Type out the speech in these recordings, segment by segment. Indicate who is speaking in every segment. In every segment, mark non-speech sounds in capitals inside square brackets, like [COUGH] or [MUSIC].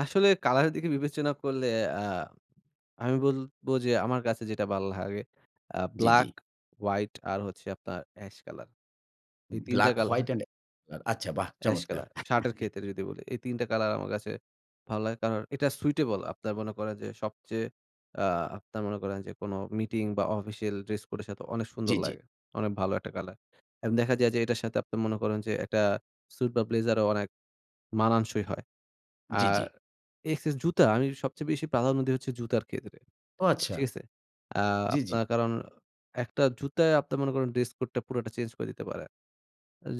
Speaker 1: আসলে কালার এর দিকে বিবেচনা করলে আ আমি বলব, যে, আমার কাছে যেটা ভালো লাগে আ
Speaker 2: জ্বি, জ্বি।
Speaker 1: ব্লাক, হোয়াইট আর হচ্ছে আপনার এশ কালার। এই ৩ টা
Speaker 2: ব্লাক, হোয়াইট,
Speaker 1: কালার
Speaker 2: অ্যান্ড আচ্ছা বাহ!
Speaker 1: এশ
Speaker 2: চমৎকার।
Speaker 1: কালার শার্টের ক্ষেত্রে যদি বলি। এই ৩ টা কলার আমার কাছে ভালো লাগে। কারণ এটা সুইটেবল আপনার মনে করেন, যে, সবচেয়ে আ আপনার মনে করেন যে, কোন মিটিং, বা অফিসিয়াল ড্রেস কোডের সাথে অনেক
Speaker 2: জ্বি,
Speaker 1: সুন্দর
Speaker 2: জ্বি।
Speaker 1: লাগে। অনেক ভালো ১ টা কালার। এবং দেখা যায়, যে, এটার সাথে আপনারা মনে করেন, যে, একটা সুইট বা ব্লেজারও অনেক মানাংশই হয়।
Speaker 2: জ্বি,
Speaker 1: আর
Speaker 2: জ্বি।
Speaker 1: এক্স জুতা আমি সবচেয়ে বেশি প্রাধান্য দিই হচ্ছে জুতার ক্ষেত্রে।
Speaker 2: ও! আচ্ছা।
Speaker 1: ঠিক আছে? আ
Speaker 2: জ্বি, জ্বি।
Speaker 1: আপনার কারণ একটা জুতায় আপনারা মনে করেন, ড্রেস কোডটা পুরোটা চেঞ্জ করে দিতে পারে।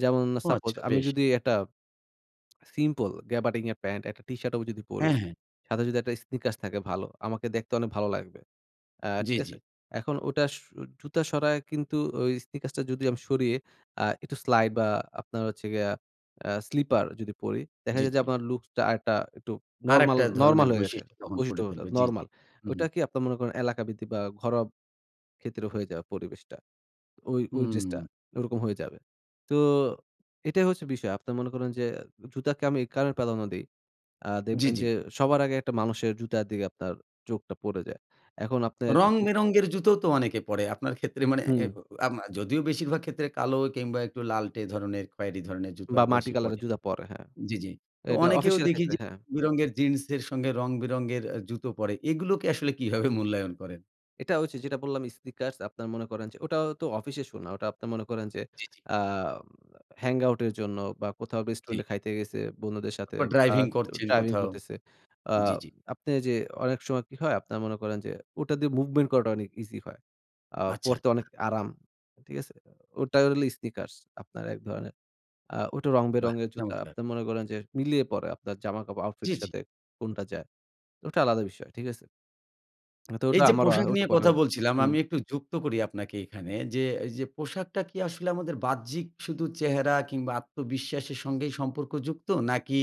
Speaker 1: যেমন
Speaker 2: ও!
Speaker 1: সাপোজ
Speaker 2: আচ্ছা,
Speaker 1: আমি
Speaker 2: বেশ।
Speaker 1: যদি একটা সিম্পল গ্যাভাডিং প্যান্ট, ১ টা টিশার্টও যদি পড়ি।
Speaker 2: হ্যাঁ, হ্যাঁ।
Speaker 1: সাথে যদি একটা স্নিকার্স থাকে ভালো। আমাকে দেখতে অনেক ভালো লাগবে। আ
Speaker 2: জ্বি,
Speaker 1: ঠিক
Speaker 2: জ্বি।
Speaker 1: আছে? এখন ওটা সু জুতা সরায় কিন্তু ওই স্নিকার্সটা যদি আমি সরিয়ে আ একটু স্লাইড, বা আপনার হচ্ছে গিয়ে আ স্লিপার যদি পড়ি দেখা
Speaker 2: জ্বী,
Speaker 1: যায় যে,
Speaker 2: জ্বী।
Speaker 1: আপনার লুকসটা আরেকটা একটু নরমাল,
Speaker 2: আরেকটা
Speaker 1: নরমাল
Speaker 2: ধরনের
Speaker 1: হয়ে গেছে।
Speaker 2: বৈশিষ্ট্য তখন পড়ে ফেলবে।
Speaker 1: [UNINTELLIGIBLE]
Speaker 2: জ্বী, জ্বী।
Speaker 1: নরমাল। ওটা
Speaker 2: উহুম।
Speaker 1: কি আপনার মনে করেন এলাকা ব বা ঘরোয়া ক্ষেত্রে হয়ে যাবে পরিবেশটা। ওই, ওই ড্রেসটা
Speaker 2: হুম।
Speaker 1: ওরকম হয়ে যাবে। তো এটাই হচ্ছে বিষয়। আপনারা মনে করেন যে, জুতাকে আমি এই কারণে প্রাধান্য দেই। আ
Speaker 2: জ্বি,
Speaker 1: দেখবেন
Speaker 2: জ্বি।
Speaker 1: যে, সবার আগে ১ টা মানুষের জুতার দিকে আপনার চোখটা পড়ে যায়। এখন আপনার একটা
Speaker 2: রং বেরঙের জুতোও তো অনেকে পড়ে। আপনার ক্ষেত্রে মানে এ
Speaker 1: হুম।
Speaker 2: যদিও বেশিরভাগ ক্ষেত্রে কালো কিংবা একটু লাল্টে ধরনের খয়েরি ধরনের জুতো
Speaker 1: বা মাটি
Speaker 2: বেশি পড়ে
Speaker 1: কালারের জুতো পরে।
Speaker 2: জ্বি, জ্বি। তো
Speaker 1: এটা
Speaker 2: অনেকেও
Speaker 1: অফিসিয়াল
Speaker 2: দেখি
Speaker 1: ক্ষেত্রে,
Speaker 2: যে, রং
Speaker 1: হ্যাঁ।
Speaker 2: বেরঙের জিন্সের সঙ্গে রং বেরঙের আ জুতো পড়ে। এগুলোকে আসলে কীভাবে মূল্যায়ন করেন?
Speaker 1: এটা হচ্ছে যেটা বললাম স্নিকার্স আপনারা মনে করেন যে, ওটাও তো অফিসের সু না। ওটা আপনারা মনে করেন যে,
Speaker 2: জি, জি।
Speaker 1: আ হ্যাংআউট এর জন্য বা কোথাও
Speaker 2: জ্বী।
Speaker 1: রেস্টুরেন্টে খাইতে গেসে বন্ধুদের সাথে
Speaker 2: তারপর
Speaker 1: বা
Speaker 2: ড্রাইভিং করছেন
Speaker 1: ড্রাইভিং
Speaker 2: কোথাও।
Speaker 1: করতেছে। আ
Speaker 2: জ্বি, জ্বি।
Speaker 1: আপনি যে, অনেক সময় কি হয়? আপনারা মনে করেন যে, ওটা দিয়ে মুভমেন্ট করাটা অনেক ইসি হয়। আ
Speaker 2: আচ্ছা।
Speaker 1: পড়তে অনেক আরাম। ঠিক আছে? ওটা ল স্নিকার্স আপনার ১ ধরনের আ ওটা রং
Speaker 2: বাহ!
Speaker 1: বেরঙের জুতা।
Speaker 2: চমৎকার।
Speaker 1: আপনারা মনে করেন, যে, মিলিয়ে পড়ে আপনার জামাকাপড় আউটফিট
Speaker 2: জ্বি,
Speaker 1: এর
Speaker 2: জ্বি।
Speaker 1: সাথে কোনটা যায়। ওটা আলাদা বিষয়। ঠিক আছে? তো
Speaker 2: এই
Speaker 1: ওটা
Speaker 2: যে,
Speaker 1: আমারও
Speaker 2: পোশাক নিয়ে কথা
Speaker 1: [UNINTELLIGIBLE]
Speaker 2: বলছিলাম, আমি
Speaker 1: হুম।
Speaker 2: একটু যুক্ত করি আপনাকে এখানে, যে, এই যে, পোশাকটা কি আসলে আমাদের বাহ্যিক শুধু চেহারা, কিংবা আত্মবিশ্বাসের সঙ্গেই সম্পর্ক যুক্ত? নাকি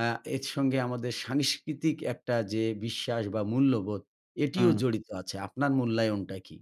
Speaker 2: আ এর সঙ্গে আমাদের সাংস্কৃতিক একটা যে, বিশ্বাস, বা মূল্যবোধ এটিও
Speaker 1: হুম।
Speaker 2: জড়িত আছে? আপনার মূল্যায়নটা কী?